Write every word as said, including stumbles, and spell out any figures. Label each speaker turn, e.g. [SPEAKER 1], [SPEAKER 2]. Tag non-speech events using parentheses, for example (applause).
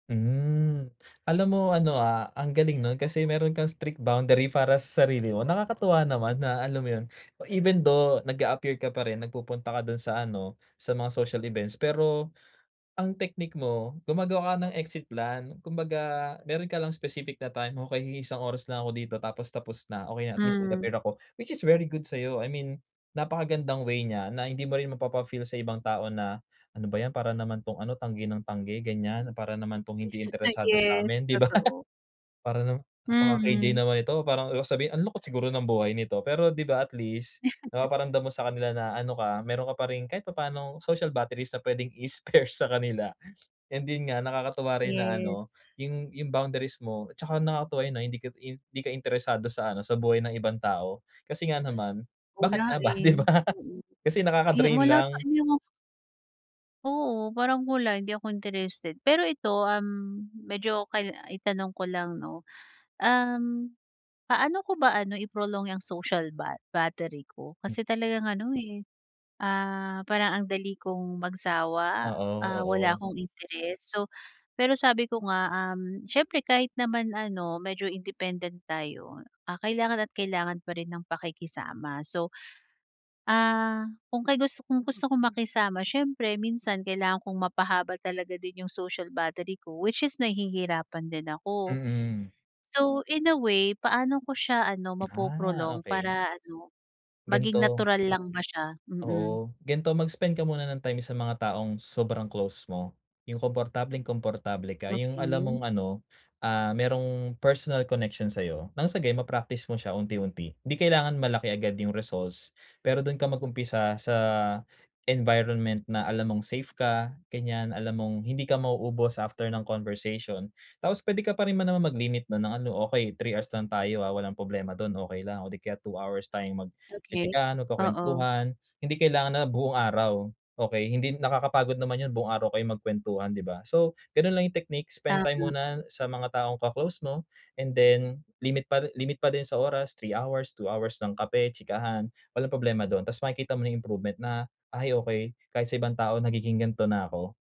[SPEAKER 1] Hmm, alam mo ano ah, ang galing nun kasi meron kang strict boundary para sa sarili mo, nakakatuwa naman, na alam mo 'yon. Even though nag-a-appear ka pa rin, nagpupunta ka do'n sa ano, sa mga social events pero, ang technique mo gumagawa ka ng exit plan, kumbaga meron ka lang specific na time, "Okey, mag-iisang oras na ako dito, tapos tapos na, okey na, at least
[SPEAKER 2] Hmm.
[SPEAKER 1] nag-appear ako," which is very good sa'yo, I mean napakagandang way niya na hindi mo rin mapapa-feel sa ibang tao na, "Ano ba 'yan, para naman 'tong ano, tanggi ng tanggi ganiyan, para naman 'tong hindi
[SPEAKER 2] Ah,
[SPEAKER 1] interesado
[SPEAKER 2] yes,
[SPEAKER 1] sa'min," 'di ba?
[SPEAKER 2] totoo.
[SPEAKER 1] "Para naman napaka-KJ
[SPEAKER 2] Mm.
[SPEAKER 1] naman nito," parang sabihin, "Ang lungkot siguro ng buhay nito," pero di ba, at least
[SPEAKER 2] (chuckles)
[SPEAKER 1] napaparamdam mo sa kanila na ano ka, meron ka pa rin kahit papaano social batteries na puwedeng i-spare sa kanila, and 'din nga nakakatuwa rin na
[SPEAKER 2] Yes.
[SPEAKER 1] ano, 'yun 'yung boundaries mo at saka nakakatuwa 'yun ah, na hindi ka hindi ka interesado sa ano, sa buhay ng ibang tao. Kasi nga naman, bakit
[SPEAKER 2] Wala
[SPEAKER 1] nga ba, 'di
[SPEAKER 2] eh,
[SPEAKER 1] ba?
[SPEAKER 2] mm.
[SPEAKER 1] Kasi
[SPEAKER 2] Eh,
[SPEAKER 1] nakaka-drain
[SPEAKER 2] wala sa
[SPEAKER 1] lang.
[SPEAKER 2] inyong Oo, parang mula hindi ako interested, pero ito um, medyo kail itanong ko lang 'no, um, paano ko ba ano, i-prolong 'yang social ba battery ko?
[SPEAKER 1] M
[SPEAKER 2] Kasi talagang ano eh, ah, parang ang dali kong magsawa,
[SPEAKER 1] Oo,
[SPEAKER 2] ah, wala
[SPEAKER 1] oo.
[SPEAKER 2] akong interes, so pero sabi ko nga, um, siyempre kahit naman ano medyo independent tayo, ah, kailangan at kailangan pa rin ng pakikisama so, ah, kung kay gusto kong gusto kong makisama siyempre minsan kailangan kong mapahaba talaga din 'yung social battery ko which is nahihirapan din ako.
[SPEAKER 1] Mm.
[SPEAKER 2] So in a way, paano ko siya ano
[SPEAKER 1] Ah,
[SPEAKER 2] mapo-prolong
[SPEAKER 1] okey.
[SPEAKER 2] para ano maging
[SPEAKER 1] Gan'to.
[SPEAKER 2] natural lang ba siya? Mm.
[SPEAKER 1] Oo, gan'to mag-spend ka muna ng time sa mga taong sobrang close mo, 'yung komportableng-komportable ka, 'yung alam mong
[SPEAKER 2] Okey.
[SPEAKER 1] ano ah, merong personal connection sa'yo, ng sagayon ma-practice mo siya unti-unti. 'Di kailangan malaki agad 'yung results, pero do'n ka mag-umpisa sa environment na alam mong safe ka ganiyan, alam mong hindi ka ma-uubos after ng conversation. Tapos puwede ka pa rin naman mag-limit na ng ano, okey three hours lang tayo ah, walang problema do'n okey lang o di kaya two hours tayong
[SPEAKER 2] Okey,
[SPEAKER 1] mag-chichikahan, o
[SPEAKER 2] oo.
[SPEAKER 1] magkukuwentuhan. Hindi kailangan na buong araw, okey, hindi nakakapagod naman 'yun buong araw kayong magkuwentuhan, di ba? So gano'n lang 'yung technique, spend time
[SPEAKER 2] Tama.
[SPEAKER 1] muna sa mga taong ka-close mo and then limit pa limit pa din sa oras, three hours, two hours ng kape, chikahan, walang problema do'n tas makikita mo na improvement na, "Ay okey, kahit sa ibang tao nagiging gan'to na ako."